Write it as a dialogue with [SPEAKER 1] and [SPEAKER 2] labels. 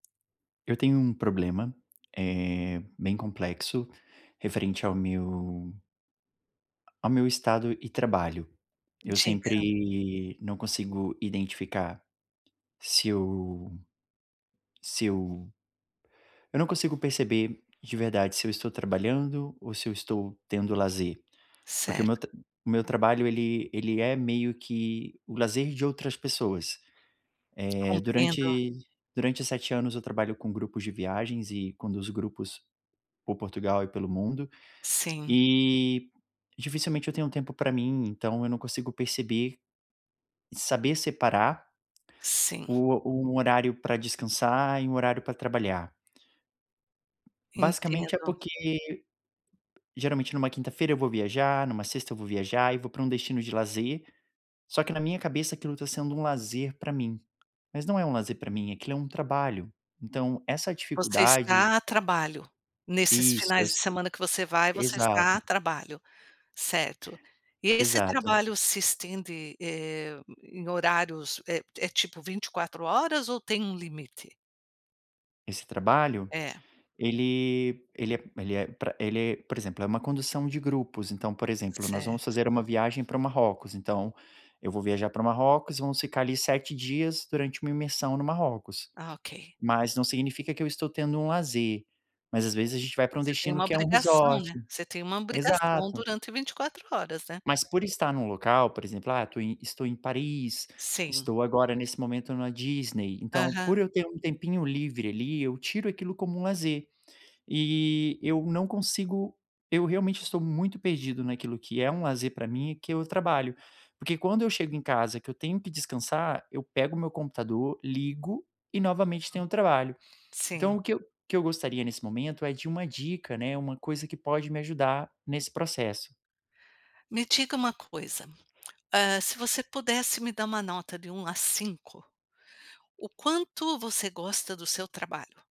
[SPEAKER 1] Eu tenho um problema, eh, bem complexo, referente ao meu ao meu estado e trabalho. Eu
[SPEAKER 2] Diga.
[SPEAKER 1] sempre não consigo identificar se eu se eu eu não consigo perceber, de verdade, se eu estou trabalhando ou se eu estou tendo lazer, porque o
[SPEAKER 2] Certo.
[SPEAKER 1] meu tra o meu trabalho ele ele é meio que o lazer de outras pessoas. Eh,
[SPEAKER 2] Compreendo.
[SPEAKER 1] durante durante 7 anos eu trabalho com grupos de viagens e conduzo grupos por Portugal e pelo mundo,
[SPEAKER 2] Sim.
[SPEAKER 1] e dificilmente eu tenho tempo pra mim, então eu não consigo perceber, saber separar
[SPEAKER 2] Sim.
[SPEAKER 1] o o um horário pra descansar e um horário pra trabalhar. Basicamente é
[SPEAKER 2] Entendo.
[SPEAKER 1] porque, geralmente numa quinta-feira eu vou viajar, numa sexta eu vou viajar e vou pra um destino de lazer, só que na minha cabeça aquilo tá sendo um lazer pra mim. Mas não é um lazer pra mim, aquilo é um trabalho. Então essa
[SPEAKER 2] Você
[SPEAKER 1] dificuldade
[SPEAKER 2] está a trabalho? Nesses
[SPEAKER 1] Isso,
[SPEAKER 2] finais de
[SPEAKER 1] is.
[SPEAKER 2] semana que você vai, você
[SPEAKER 1] Exato.
[SPEAKER 2] está a trabalho? Certo. E esse
[SPEAKER 1] Exato.
[SPEAKER 2] trabalho se estende, eh, em horários, é é tipo 24h ou tem um limite?
[SPEAKER 1] Esse trabalho?
[SPEAKER 2] É.
[SPEAKER 1] Ele ele é ele é, pra ele é, por exemplo, é uma condução de grupos, então, por exemplo, nós vamos
[SPEAKER 2] Certo.
[SPEAKER 1] fazer uma viagem para o Marrocos, então eu vou viajar pro Marrocos e vamos ficar ali 7 dias durante uma imersão no Marrocos.
[SPEAKER 2] Ah, ok.
[SPEAKER 1] Mas não significa que eu estou tendo um lazer, mas às vezes a gente vai pra um
[SPEAKER 2] Você tem
[SPEAKER 1] destino,
[SPEAKER 2] uma
[SPEAKER 1] que é um
[SPEAKER 2] obrigação,
[SPEAKER 1] resort.
[SPEAKER 2] né? Você tem uma obrigação
[SPEAKER 1] Exato.
[SPEAKER 2] durante 24h, né?
[SPEAKER 1] Mas por estar em um local, por exemplo, ah, tô em estou em Paris,
[SPEAKER 2] Sim.
[SPEAKER 1] estou agora nesse momento na Disney, então
[SPEAKER 2] Aham.
[SPEAKER 1] por eu ter um tempinho livre ali, eu tiro aquilo como lazer. E eu não consigo eu realmente estou muito perdido naquilo que é um lazer pra mim, o que é o trabalho. Porque quando eu chego em casa que eu tenho que descansar, eu pego o meu computador, ligo e
[SPEAKER 2] Uhum.
[SPEAKER 1] novamente tenho trabalho.
[SPEAKER 2] Sim.
[SPEAKER 1] Então, o que eu que eu gostaria nesse momento é de uma dica né, uma coisa que pode me ajudar nesse processo.
[SPEAKER 2] Me diga uma coisa, eh, se você pudesse me dar uma nota de 1 a 5, o quanto você gosta do seu trabalho?